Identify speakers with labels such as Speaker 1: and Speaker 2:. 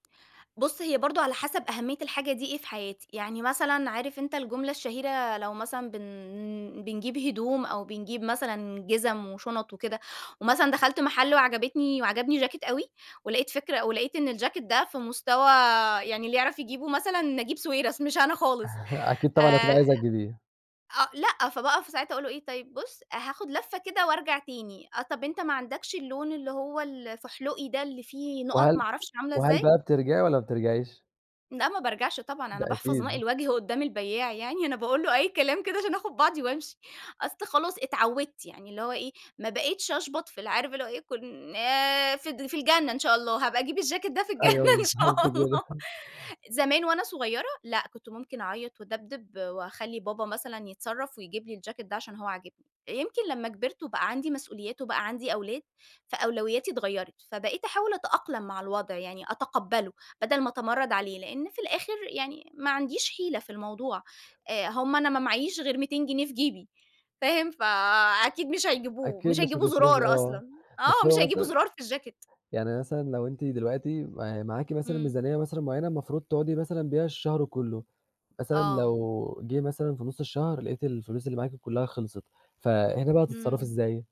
Speaker 1: بُص هي برضه على حسب أهمية الحاجة دي إيه في حياتي. يعني مثلًا عارف أنتَ الجملة الشهيرة لو مثلًا بن بنجيب هدوم أو بنجيب مثلًا جزم وشنط وكده، ومثلًا دخلت محل وعجبتني وعجبني جاكيت أوي، ولاقيت فكرة ولاقيت إن الجاكيت ده في مستوى يعني اللي يعرف يجيبه مثلًا نجيب ساويرس مش أنا خالص،
Speaker 2: أكيد طبعًا
Speaker 1: آآ،
Speaker 2: هتبقى عايزة تجيبيه.
Speaker 1: آه لأ، فباقف في ساعتها أقول له إيه: "طيب بُص هاخد لفَّة كده وأرجع تاني، آه طَب أنتَ ما عندكش اللون اللي هو ال الفُحْلُقي ده اللي فيه نقط ما
Speaker 2: وهل
Speaker 1: أعرفش عاملة
Speaker 2: وهل
Speaker 1: إزاي؟"
Speaker 2: بقى بترجعي والَّا ما بترجعيش؟
Speaker 1: لأ، ما بارجعش طبعًا
Speaker 2: ده
Speaker 1: أنا باحفظ ماء
Speaker 2: أكيد.
Speaker 1: الوجه قدَّام البيّاع يعني، أنا باقول له أي كلام كده عشان أخد بعضي وأمشي أصل خلاص اتعوِّدت يعني اللي هو إيه ما بقيتش أشْبَط في اللي عارف اللي هو إيه كن آآ، ف في الجنة إن شاء الله. هابقى أجيب الجاكيت ده في الجنة
Speaker 2: أيوه
Speaker 1: إن
Speaker 2: بالضبط
Speaker 1: شاء الله
Speaker 2: كده
Speaker 1: زمان وأنا صغيرة لأ، كنت ممكن أعيّط وأدبدب، وأخلّي بابا مثلًا يتصرف ويجيب لي الجاكيت ده عشان هو عاجبني. يمكن لمّا كبرت وبقى عندي مسؤوليات، وبقى عندي أولاد فأولوياتي اتغيرت. فبقيت أحاول أتأقلم مع الوضع يعني أتقبّله بدل ما أتمرد عليه. لأن في الآخر يعني ما عنديش حِيلة في الموضوع. آآ هم أنا ما معييش غير 200 جنيه في جيبي. فاهم؟ فأكيد مش هيجيبوه،
Speaker 2: أكيد
Speaker 1: مش
Speaker 2: مش
Speaker 1: هيجيبوا
Speaker 2: هتصرفي
Speaker 1: زرار
Speaker 2: آه.
Speaker 1: أصلًا،
Speaker 2: بس
Speaker 1: آه مش
Speaker 2: هو
Speaker 1: هيجيبوا
Speaker 2: مثلًا،
Speaker 1: زرار في الجاكيت.
Speaker 2: يعني مثلًا لو أنتِ دلوقتي م معاكِ مثًلا
Speaker 1: امم.
Speaker 2: ميزانية مثلًا معيّنة المفروض تقعدي مثلًا بيها الشهر كلّه، مثلًا
Speaker 1: آه.
Speaker 2: لو جِه مثلًا في نص الشهر لاقيتِ الفلوس اللي معاكِ كلّها خِلصت، فهنا بقى هتتصرفي
Speaker 1: امم.
Speaker 2: إزاي؟